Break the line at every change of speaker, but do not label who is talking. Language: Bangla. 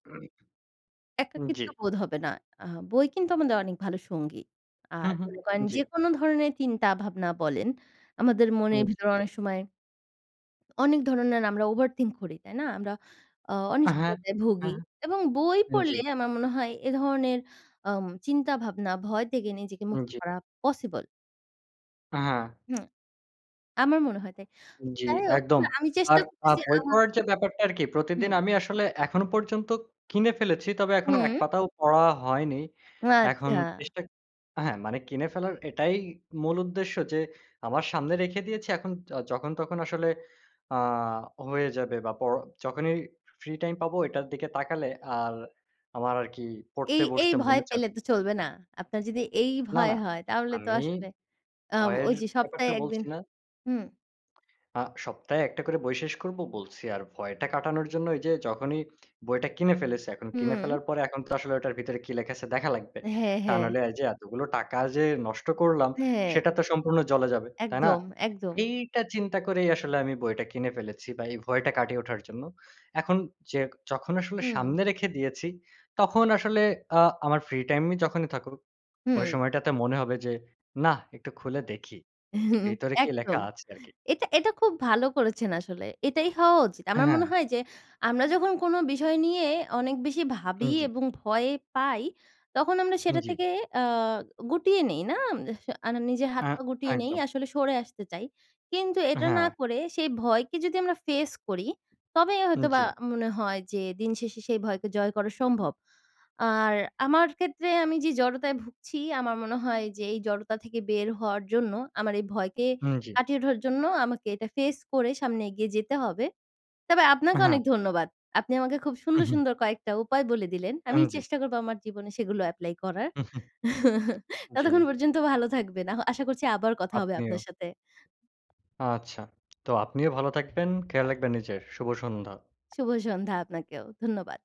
একাকিত্ব
জি।
বোধ হবে না। আ বই কিন্তু আমাদের অনেক ভালো সঙ্গী আর
হুম, হুম,
মনে করেন যে
জি।
কোন ধরনের চিন্তা ভাবনা বলেন আমাদের মনের
হুম জি।
ভিতরে অনেক সময় অনেক ধরনের আমরা ওভার থিংক করি তাই না? আমরা আ
হ্যাঁ,
অনিশ্চয়তায় ভোগী
হ্যাঁ,
এবং বই
জি।
পড়লে আমার মনে হয় এ ধরনের আম চিন্তা ভাবনা ভয় থেকে নিজেকে মুক্ত
জি।
করা পসিবল।
হ্যাঁ।
হুম, আমার মনে হয় তাই
জি,
যাই হোক
একদম।
আমি
আর
চেষ্টা
আর
করতেছি
বই
আমার
পড়ার যে ব্যাপারটা আরকি প্রতিদিন
হুম।
আমি আসলে এখন পর্যন্ত কিনে ফেলেছি। তবে এখনো ১
হুম।
পাতাও পড়া হয়নি। এখন
আচ্ছা।
চেষ্টা হ্যাঁ মানে কিনে ফেলার এটাই মূল উদ্দেশ্য যে আমার সামনে রেখে দিয়েছি এখন যখন তখন আসলে আ হয়ে যাবে বা পড়। যখনই ফ্রি টাইম পাবো এটার দিকে তাকালে আর আমার আরকি
এই,
পড়তে
এই
বসতে
ভয়
মনে চাবে।
পেলে তো চলবে না। আপনার যদি এই
না,
ভয়
না,
হয় তাহলে তো
আমি
আসলে আ
ভয়ের
ওই যে সপ্তাহে
ব্যাপারটা
১ দিন
বলছি না।
হুম।
আ সপ্তাহে ১ টা করে বই শেষ করবো বলছি। আর ভয়টা কাটানোর জন্য এই যে যখনই বইটা কিনে ফেলেছে এখন কিনে
হুম।
ফেলার পরে এখন তো আসলে ওটার ভিতরে কি লেখা আছে দেখা লাগবে।
হ্যাঁ,
তা
হ্যাঁ।
নাহলে এই যে এতগুলো টাকা যে নষ্ট করলাম
হ্যাঁ।
সেটা তো সম্পূর্ণ জ্লে যাবে, তাই না?
একদম, একদম।
এইটা চিন্তা করেই আসলে আমি বইটা কিনে ফেলেছি বা এই ভয়টা কাটিয়ে ওঠার জন্য। এখন যে যখন আসলে
হুম।
সামনে রেখে দিয়েছি, তখন আসলে আ আমার ফ্রি টাইম যখনই থাকুক, ওই
হুম।
সময়টাতে মনে হবে যে, না একটু খুলে দেখি
হুম,
ভেতরে কি লেখা
একদম।
আছে আরকি।
এটা এটা, খুব ভালো করেছেন আসলে, এটাই হওয়া উচিত।
হ্যাঁ,
আমার
হ্যাঁ।
মনে হয় যে আমরা যখন কোন বিষয় নিয়ে অনেক বেশি
উম
ভাবি
জি।
এবং ভয় পাই, তখন আমরা
উম
সেটা
জি।
থেকে আ গুটিয়ে নেই, না? আ আর না নিজের হাত
আ
পা গুটিয়ে নেই
একদম।
আসলে সরে আসতে চাই। কিন্তু এটা না
হ্যাঁ।
করে সেই ভয়কে যদি আমরা ফেস করি, তবেই হয়তো বা
জি।
মনে হয় যে দিন শেষে সেই ভয়কে জয় করা সম্ভব। আর আমার ক্ষেত্রে আমি যে জড়তায় ভুগছি আমার মনে হয় যে এই জড়তা থেকে বের হওয়ার জন্য আমার এই ভয়কে
হুম জি।
কাটিয়ে উঠার জন্য আমাকে এটা ফেস করে সামনে এগিয়ে যেতে হবে। তবে আপনাকে
হ্যাঁ।
অনেক ধন্যবাদ। আপনি আমাকে খুব সুন্দর,
উহুম।
সুন্দর কয়েকটা উপায় বলে দিলেন। আমি
উম জি।
চেষ্টা করব আমার জীবনে সেগুলো এপ্লাই করার। ততক্ষণ
জি।
পর্যন্ত ভালো থাকবেন আ আশা করছি আবার কথা হবে আপনার
আপনিও।
সাথে।
আচ্ছা, তো আপনিও ভালো থাকবেন, খেয়াল রাখবেন নিজের শুভ সন্ধ্যা।
শুভ সন্ধ্যা আপনাকেও, ধন্যবাদ।